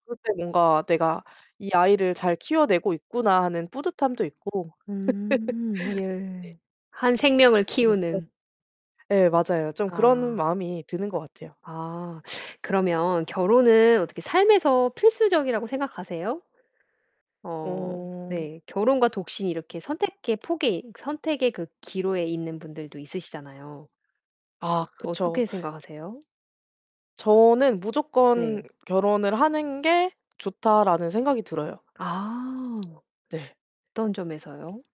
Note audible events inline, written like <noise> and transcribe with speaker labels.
Speaker 1: 그럴 때 뭔가 '내가 이 아이를 잘 키워내고 있구나.' 하는 뿌듯함도 있고.
Speaker 2: 음
Speaker 1: <laughs>
Speaker 2: 예.
Speaker 1: 네.
Speaker 2: 한 생명을
Speaker 1: 그래서
Speaker 2: 키우는.
Speaker 1: 예 맞아요. 좀 그런
Speaker 2: 아.
Speaker 1: 마음이 드는 것 같아요.
Speaker 2: 아 그러면 결혼은 어떻게 삶에서 필수적이라고 생각하세요? 어
Speaker 1: 오.
Speaker 2: 네. 결혼과 독신이 이렇게 선택의 폭이 선택의 그 기로에 있는 분들도 있으시잖아요.
Speaker 1: 아
Speaker 2: 어
Speaker 1: 그쵸.
Speaker 2: 어떻게 생각하세요?
Speaker 1: 저는 '무조건
Speaker 2: 네.
Speaker 1: 결혼을 하는 게 좋다.'라는 생각이 들어요.
Speaker 2: 아.
Speaker 1: 네.
Speaker 2: 어떤 점에서요?